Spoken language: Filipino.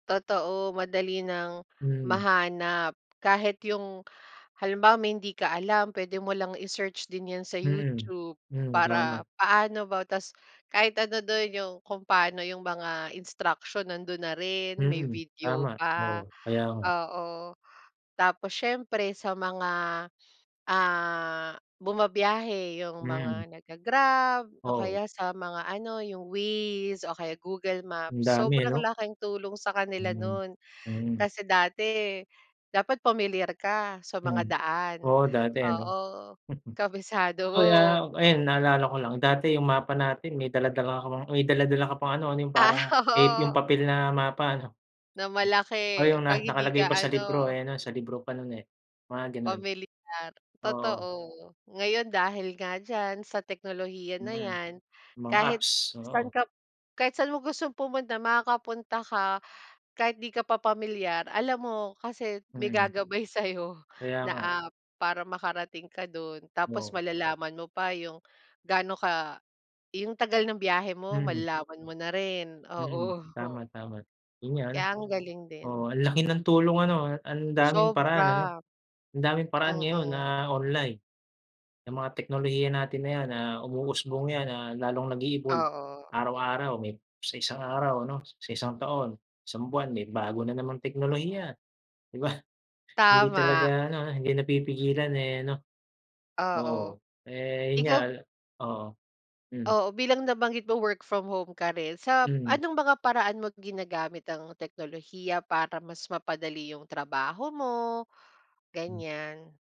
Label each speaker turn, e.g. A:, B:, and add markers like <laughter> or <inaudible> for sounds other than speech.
A: Totoo, madali ng
B: Mhm.
A: mahanap kahit yung, halimbawa may hindi ka alam, pwede mo lang i-search din yan sa
B: Mm.
A: YouTube
B: Mm,
A: para
B: tama.
A: paano ba ta's kahit ano do'n yung kung paano yung mga instruction nando'n na rin, may
B: Mm,
A: video
B: tama,
A: pa.
B: oo. Kaya nga.
A: Oo. Tapos siyempre sa mga, ah, bumabiyahe 'yong mga
B: Mm.
A: nagga-Grab o
B: Oo.
A: kaya sa mga ano, 'yong Waze o kaya Google
B: Ang
A: Maps.
B: dami
A: Sobrang
B: ano.
A: laking tulong sa kanila
B: Mm,
A: no'n
B: mm.
A: kasi dati dapat pamilyar ka sa mga
B: Hmm.
A: daan.
B: Oo dati ano.
A: Oo,
B: <chuckles>
A: kabisado
B: Kaya
A: mo.
B: ayun naalala ko lang, dati yung mapa natin may dala-dala ka pang may dala-dala ka pang ano, ano yung
A: Ah,
B: parang tape, yung
A: oo.
B: papel na mapa 'no.
A: na malaki
B: Oh, yun
A: 'pag
B: nga.
A: hindi
B: Nakalagay
A: ka
B: pa sa libro
A: ano
B: eh, 'no? Sa libro pa no'n, eh. Mga ganon.
A: pamilyar.
B: Oo.
A: Totoo. Ngayon dahil nga diyan sa teknolohiya na
B: Mhm.
A: yan,
B: Mga
A: kahit
B: apps,
A: saan
B: oo.
A: kap kahit saan mo gustong pumunta, makakapunta ka. Kahit 'di ka pa pamilyar, alam mo kasi may
B: Mm.
A: gagabay sayo
B: Kaya
A: na
B: nga.
A: app para makarating ka do'n tapos
B: Oo.
A: malalaman mo pa yung gaano ka yung tagal ng biyahe mo,
B: Mhm.
A: malalaman mo na rin.
B: Mhm.
A: Oo.
B: Tama, tama. Yun nga ano.
A: Kaya ang galing
B: Oo,
A: din
B: ang laki ng tulong ano? Ang daming paraan ano?
A: Sobra.
B: Ang daming paraan ngayon
A: Mm.
B: na online. Yang mga teknolohiya natin na yan, ah, umuusbong yan. Ah, lalong nag-e-evolve,
A: Oo.
B: araw-araw. May sa isang araw ano, sa isang taon, isang buwan may bago na namang teknolohiya, di ba? Hindi talaga
A: Tama.
B: ano, hindi napipigilan, eh, ano.
A: Oo.
B: Oo. Eh yun nga
A: Ikaw
B: oo. Hmm.
A: Oo, bilang nabanggit mo work from home ka rin, sa
B: Hmm.
A: anong mga paraan mo ginagamit ang teknolohiya para mas mapadali yung trabaho mo,
B: Hmm.
A: ganyan?